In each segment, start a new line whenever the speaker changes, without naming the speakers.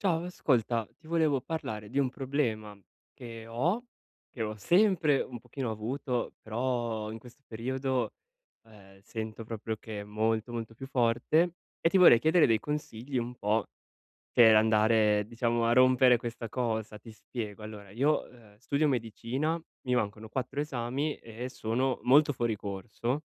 Ciao ascolta, ti volevo parlare di un problema che ho, che ho sempre un pochino avuto però in questo periodo, ehm, sento proprio che è molto, molto più forte e ti vorrei chiedere dei consigli, un po' per andare, diciamo, a rompere questa cosa. Ti spiego: allora, io, uhm, studio medicina, mi mancano 4 esami e sono molto fuori corso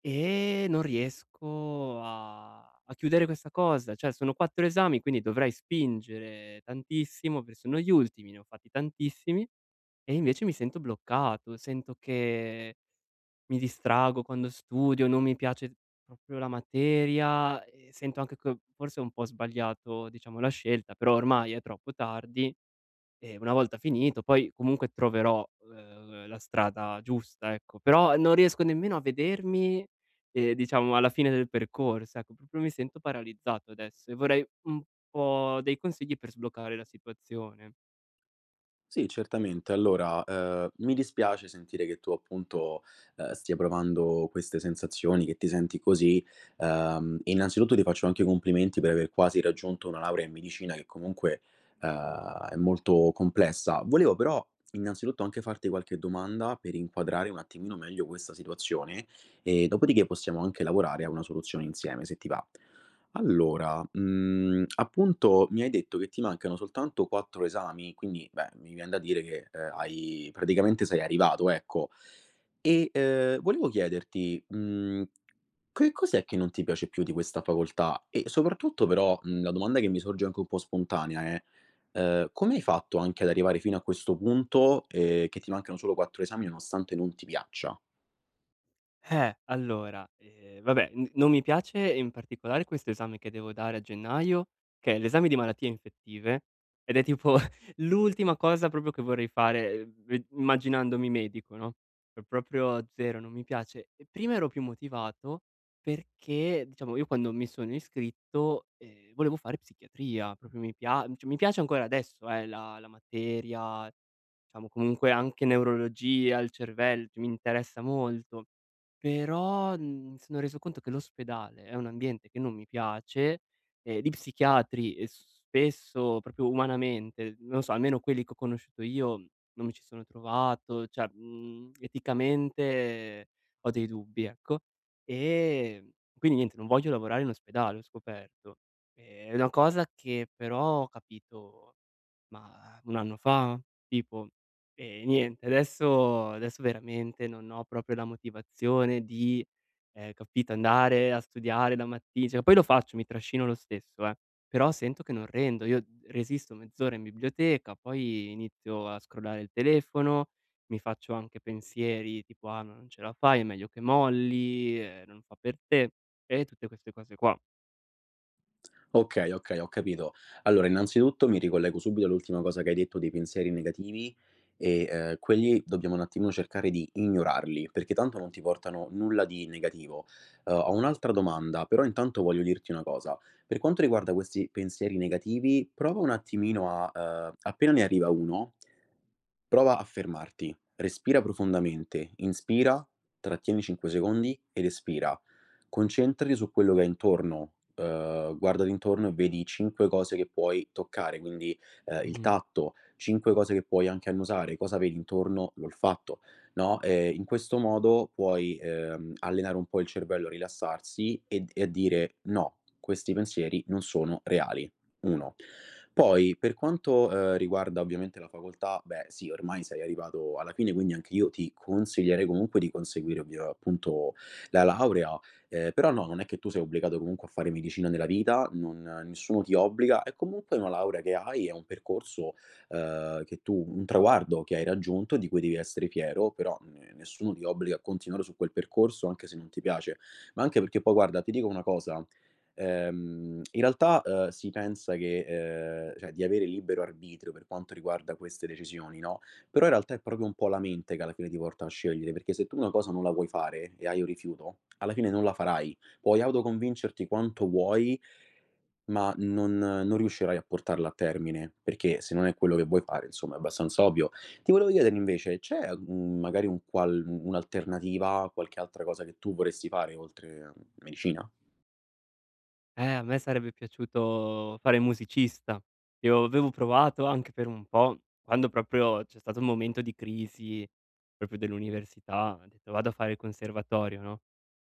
e non riesco a a chiudere questa cosa. Cioè sono 4 esami, quindi dovrei spingere tantissimo pe sono gli ultimi, ne ho fatti tantissimi, e invece mi sento bloccato, sento che mi distraggo quando studio, non mi piace proprio la materia e sento anche che forse ho un po' sbagliato, diciamo, la scelta, però ormai è troppo tardi e una volta finito, poi, comunque troverò l l la strada giusta, ecco; però non riesco nemmeno a vedermi, ehm, diciamo alla fine del percorso, ecco, proprio mi sento paralizzato adesso e vorrei un po' dei consigli per sbloccare la situazione.
Sì, certamente. Allora, ehm, mi dispiace sentire che tu, appunto, uhm, stia provando queste sensazioni, che ti senti così. Uhm, innanzitutto ti faccio anche i complimenti per aver quasi raggiunto una laurea in medicina, che comunque, uhm, è molto complessa. Volevo però innanzitutto anche farti qualche domanda per inquadrare un attimino meglio questa situazione, e dopo di ce, possiamo anche lavorare a una soluzione insieme se ti va. Allora, mhmm, appunto mi hai detto che ti mancano soltanto 4 esami, quindi, beh, mi vien da dire che, uhm, hai praticamente sei arrivato ecco e, ehm, volevo chiederti: mhmm, che cos'è che non ti piace più di questa facoltà? E soprattutto, però, mhmm, la domanda che mi sorge anche un po' spontanea è: ehm, come hai fatto anche ad arrivare fino a questo punto, ehm, che ti mancano solo 4 esami, nonostante non ti piaccia?
Eh, allora, ehm, vabbè, n non mi piace in particolare questo esame che devo dare a gennaio, che è l'esame di Malattie Infettive ed è tipo l'ultima cosa proprio che vorrei fare, uhm, ve immaginandomi medico, no. Po proprio zero, non mi piace. E prima ero più motivato, perché diciamo io quando mi sono iscritto, ehm, volevo fare psichiatria, proprio mi pia mhmm, cioè mi piace ancora adesso, ehm, la la materia, diciamo comunque, anche neurologia, il cervel mi interessa molto; però n sono reso conto che l'ospedale è un ambiente che non mi piace, ehm, gli psichiatri, ehm, s spesso, proprio umanamente, non so, almeno quelli che ho conosciuto io, non mi ci sono trovato, cioè mhmm, eticamente ho dei dubbi, ecco. Ehm, quindi niente, non voglio lavorare in ospedale, ho scoperto. È una cosa che però ho capito mah 1 anno fa? Tipo. E niente adesso adesso veramente non ho proprio la motivazione di ehm, capito, andare a studiare la matti cioè poi lo faccio, mi trascino lo stesso, eh, però sento che non rendo. Io resisto mezz'ora in biblioteca, poi inizio a scrollare il telefono, mi faccio anche pensieri tipo: "Ah, non ce la fai, è meglio che molli, ehm, non fa per te", e tutte queste cose qua.
Okay, okay, ho capito. Allora, innanzitutto mi ricollego subito all'ultima cosa che hai detto dei pensieri negativi, e, ehm, quelli dobbiamo un attimino cercare di ignorarli, perché tanto non ti portano nulla di negativo. Uhm, ho un'altra domanda, però intanto voglio dirti una cosa: per quanto riguarda questi pensieri negativi, prova un attimino a, ehm, appena ne arriva uno, prova a fermarti, respira profondamente, inspira, trattieni 5 secondi ed espira, concentrati su quello che hai intorno, ehm, guardati intorno e vedi 5 cose che puoi toccare, quindi, ehm, il
Mh-mh.
tatto, 5 cose che puoi anche annusare, cosa vedi intorno, l'olfatto, no, ehm, in questo modo puoi, ehm, allenare un po' il cervello a rilassarsi e d e a dire: “No, questi pensieri non sono reali”. 1, poi per quanto, ehm, riguarda ovviamente la facoltà, beh sì, ormai sei arrivato alla fine quindi anche io ti consiglierei comunque di conseguire, ovvia appunto la laurea, ehm, però no, non è che tu sei obbligato comunque a fare medicina nella vita, non nessuno ti obbliga. È comunque una laurea che hai, è un percorso, ehm, che tu un traguardo che hai raggiunto e di cui devi essere fiero, però ne nessuno ti obbliga a continuare su quel percorso anche se non ti piace. Ma anche perché poi, guarda, ti dico una cosa, ehm, in realtà, ehm, si pensa che, ehm, cioè di avere libero arbitrio per quanto riguarda queste decisioni, no, però in realtà è proprio un po' la mente che alla fine ti porta a scegliere, perché se tu una cosa non la vuoi fare e hai un rifiuto, alla fine non la farai, puoi autoconvincerti quanto vuoi ma non non riuscirai a portarla a termine, perché se non è quello che vuoi fare, insomma, è abbastanza ovvio. Ti volevo chiedere invece: c'è un magari un qual un'alternativa, qualche altra cosa che tu vorresti fare oltre a medicina?
Eh, a me sarebbe piaciuto fare musicista. Io avevo provato anche per un po', quando proprio c'è stato un momento di crisi, proprio dell'università. Ho detto: "Vado a fare il conservatorio", no.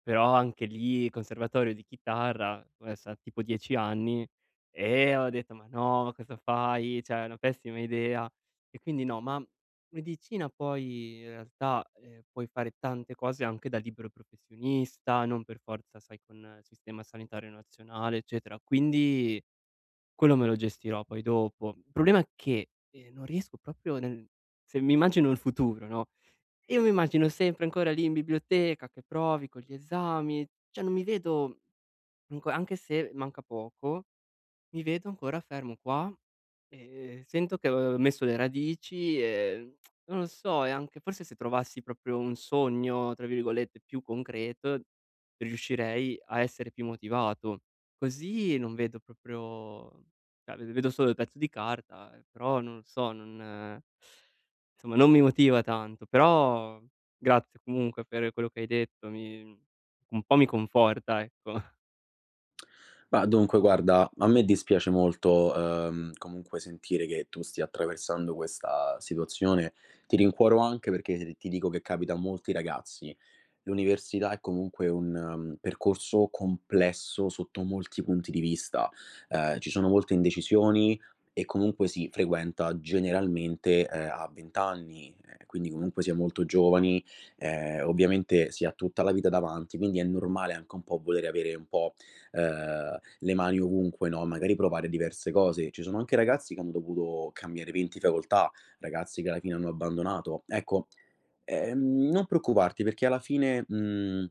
Però anche lì, il conservatorio di chitarra ve sa tipo 10 anni e ho detto: "Ma no! Ma cosa fai? Cioè è una pessima idea!" E quindi no, ma medicina poi in realtà, ehm, puoi fare tante cose anche da libero professionista, non per forza, sai, con il sistema sanitario nazionale, eccetera. Quindi quello me lo gestirò poi dopo. Il problema che, ehm, non riesco proprio nel se mi immagino il futuro, no, io mi immagino sempre ancora lì in biblioteca, che provi con gli esami, cioè non mi vedo comunque anche se manca poco, mi vedo ancora fermo qua, ehm, sento che, uhm, ho messo le radici, ehm, non lo so, e anche forse se trovassi proprio un sogno, tra virgolette "più concreto", riuscirei a essere più motivato. Così non vedo proprio cioè v vedo solo il pezzo di carta, ehm, però non lo so, non somma non mi motiva tanto. Però grazie comunque per quello che hai detto, mi un po' mi conforta, ecco.
Ma dunque, guarda a me dispiace molto, uhm, comunque sentire che tu stia attraversando questa situazione. Ti rincuoro anche perché ti dico che capita a molti ragazzi. L'università è comunque un, mhmm, percorso complesso sotto molti punti di vista, ehm, ci sono molte indecisioni e comunque si frequenta generalmente, ehm, a 20 anni, quindi comunque si è molto giovani, ehm, ovviamente si ha tutta la vita davanti, quindi è normale anche un po' volere avere un po', ehm, le mani ovunque, no. Magari provare diverse cose. Ci sono anche ragazzi che hanno dovuto cambiare 20 facoltà, ragazzi che alla fine hanno abbandonato; ecco, e ehm, non preoccuparti perché alla fine, mhmm,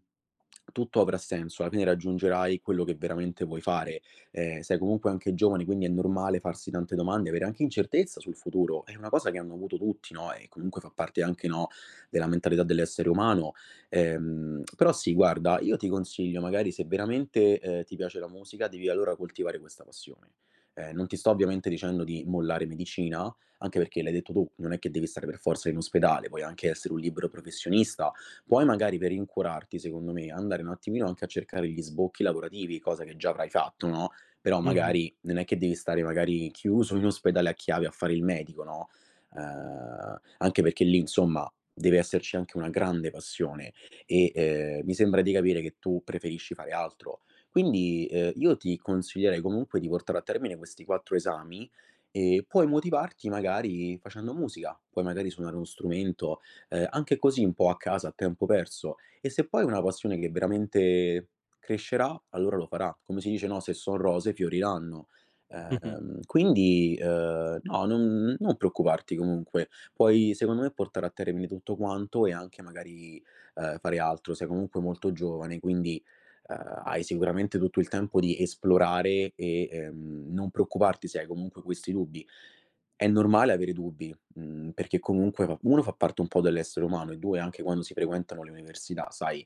tutto avrà senso, alla fine raggiungerai quello che veramente vuoi fare. Ehm, sei comunque anche giovane quindi è normale farsi tante domande, avere anche incertezza sul futuro, è una cosa che hanno avuto tutti, no, e comunque fa parte anche, no, della mentalità dell'essere umano. Ehm, però sì, guarda, io ti consiglio magari, se veramente, ehm, ti piace la musica, devi allora coltivare questa passione. Ehm, non ti sto ovviamente dicendo di mollare medicina, anche perché l'hai detto tu, non è che devi stare per forza in ospedale, puoi anche essere un libero professionista, puoi magari, per rincuorarti, secondo me andare un attimino anche a cercare gli sbocchi lavorativi, cosa che già avrai fatto, no. Però
Mh-mh.
magari non è che devi stare magari chiuso in ospedale a chiave a fare il medico, no. Uhm, anche perché lì, insomma, deve esserci anche una grande passione e, ehm, mi sembra di capire che tu preferisci fare altro. Quindi, uhm, io ti consiglierei comunque di portare a termine questi 4 esami e puoi motivarti magari facendo musica: puoi magari suonare uno strumento, uhm, anche così un po' a casa a tempo perso, e se poi è una passione che veramente crescerà allora lo farà. Come si dice, no, "se son rose fioriranno".
Mh-mh.
Ehm, quindi, uhm, no, non non preoccuparti comunque. Poi secondo me portare a termine tutto quanto e anche magari, uhm, fare altro. Sei comunque molto giovane quindi, uhm, hai sicuramente tutto il tempo di esplorare e, ehm, non preoccuparti se hai comunque questi dubbi. È normale avere dubbi, mhmm, perché comunque fa 1 fa parte un po' dell'essere umano e 2, anche quando si frequentano le università sai,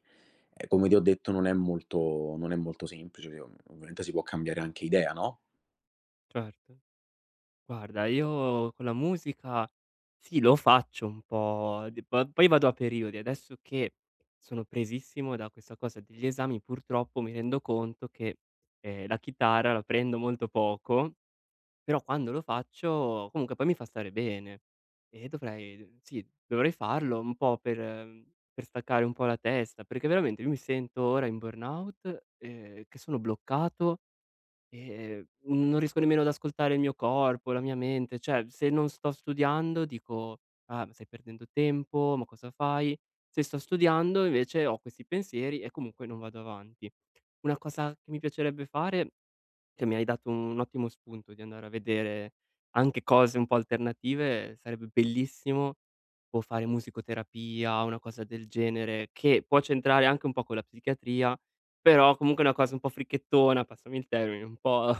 ehm, come ti ho detto non è molto non è molto semplice, ovvia ovviamente si può cambiare anche idea, no?
Certo. Guarda, io con la musica sì, lo faccio un po' di po poi vado a periodi. Adesso che sono presissimo da questa cosa degli esami purtroppo mi rendo conto che, ehm, la chitarra la prendo molto poco, però quando lo faccio comunque poi mi fa stare bene e dovrei, sì, dovrei farlo un po' per mhmm, per staccare un po' la testa, perché veramente io mi sento ora in burnout, ehm, che sono bloccato e, ehm, non riesco nemmeno ad ascoltare il mio corpo, la mia mente. Cioè, se non sto studiando dico: “Ah, stai perdendo tempo, ma cosa fai?” Se sto studiando invece ho questi pensieri e comunque non vado avanti. Una cosa mi piacerebbe fare, che mi hai dato un ottimo spunto di andare a vedere anche cose un po' alternative, sarebbe bellissimo o fare musicoterapia o una cosa del genere, che può c'entrare anche un po' con la psichiatria, però comunque è una cosa un po' fricchettona, passami il termine, un po'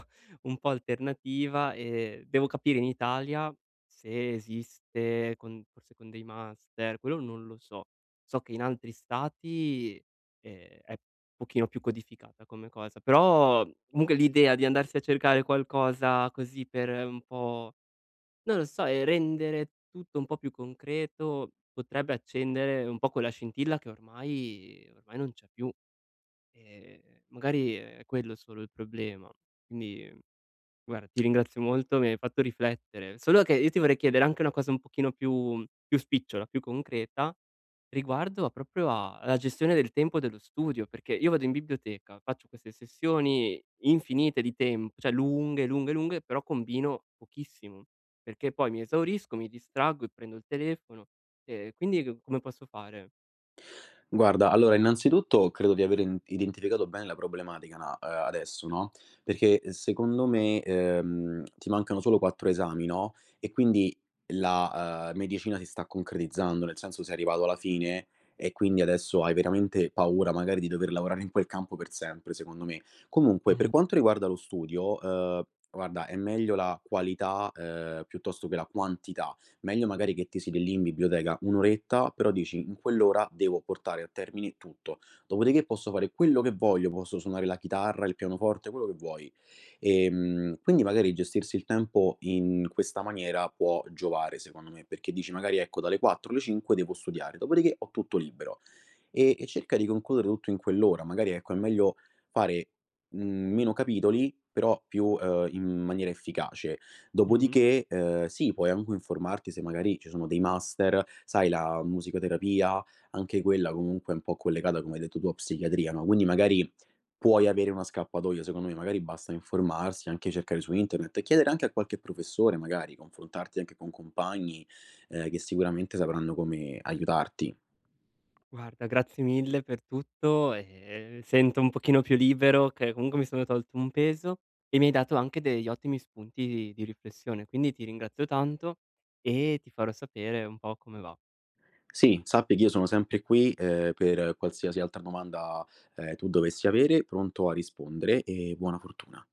un po' alternativa e devo capire in Italia se esiste, con forse con dei master, quello non lo so. So che in altri stati, ehm, è pochino più codificata come cosa, però comunque l'idea di andarsi a cercare qualcosa così per un po', non lo so, e rendere tutto un po' più concreto potrebbe accendere un po' quella scintilla che ormai ehm, ormai non c'è più. Ehm, magari è quello solo il problema. Quindi, ehm, guarda ti ringrazio molto mi hai fatto riflettere. Solo che io ti vorrei chiedere anche una cosa un pochino più più spicciola, più concreta riguardo proprio a alla gestione del tempo dello studio, perché io vado in biblioteca, faccio queste sessioni infinite di temp cioè lunghe, lunghe, lunghe, però combino pochissimo perché poi mi esaurisco, mi distraggo e prendo il telefono, e quindi c come posso fare?
Guarda, allora innanzitutto credo di aver in identificato bene la problematica na adesso, no, perché, ehm, secondo me, ehm, ti mancano solo 4 esami, no, e quindi la, uhm, medicina si sta concretizzando, nel senso sei arrivato alla fine e quindi adesso hai veramente paura magari di dover lavorare in quel campo per sempre, secondo me. Comunque per
Mh-mh.
quanto riguarda lo studio, uhm, guarda, è meglio la qualità, uhm, piuttosto che la quantità. Meglio magari che ti siedi lì in biblioteca 1 oretta però dici: “In quell'ora devo portare a termine tutto, dopodiché posso fare quello che voglio, posso suonare la chitarra, il pianoforte", quello che vuoi. Ehm, quindi magari gestirsi il tempo in questa maniera può giovare, secondo me, perché dici magari: “Ecco, dalle 4 alle 5 devo studiare, dopodiché ho tutto libero”, e e cerca di concludere tutto in quell'ora. Magari, ecco, è meglio fare, mhmm, meno capitoli però più, uhm, in maniera efficace.
Mh-mh.
Dopodiché, uhm, sì, puoi anche informarti se magari ci sono dei master, sai, la musicoterapia, anche quella comunque è un po' collegata, come hai detto tu, a psichiatria, no, quindi magari puoi avere una scappatoia, secondo me. Magari basta informarsi, anche cercare su internet e chiedere anche a qualche professore, magari confrontarti anche con compagni, ehm, che sicuramente sapranno come aiutarti.
Guarda, grazie mille per tutto. Ehm, sento un pochino più libero che comunque mi sono tolto un peso e mi hai dato anche degli ottimi spunti di di riflessione, quindi ti ringrazio tanto e ti farò sapere un po' come va.
Sì, sappi che io sono sempre qui, uhm, per qualsiasi altra domanda, ehm, tu dovessi avere, pronto a rispondere e buona fortuna.